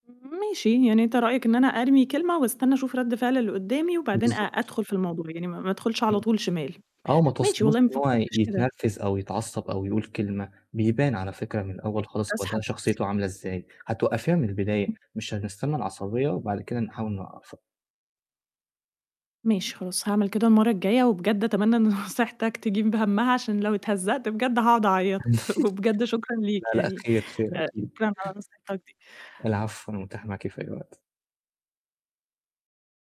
ماشي. يعني أنت رأيك إن أنا أرمي كلمة واستنى أشوف رَد فِعل اللي قدامي وبعدين أ بالضبط. أدخُل في الموضوع، يعني ما ما أدخُلش على إمم. طول شمال. آه، وما ماشي توصليهوش والله ما إن هو ي فكرتش كده. يتنرفز أو يتعصّب أو يقول كلمة، بيبان على فكرة من الأول [unintelligible] خالص هو ده أسحب نفسي. شخصيته عاملة إزاي، هتوقّفيها من البداية إمم. مش هنستني العصبيّة وبعد كده نحاول نوقف ماشي خلاص، هاعمل كده المرّة الجاية وبجد أتمنى إن نصيحتك تجيب همّها عشان لو اتهزأت بجد هاقعد أعيّط، وبجد شكرًا لأ، ليك لأ، يعني، خير خير آآ أكيد. شكرًا على نصيحتك دي. العفو، أنا متاح معاكِ في أي وقت.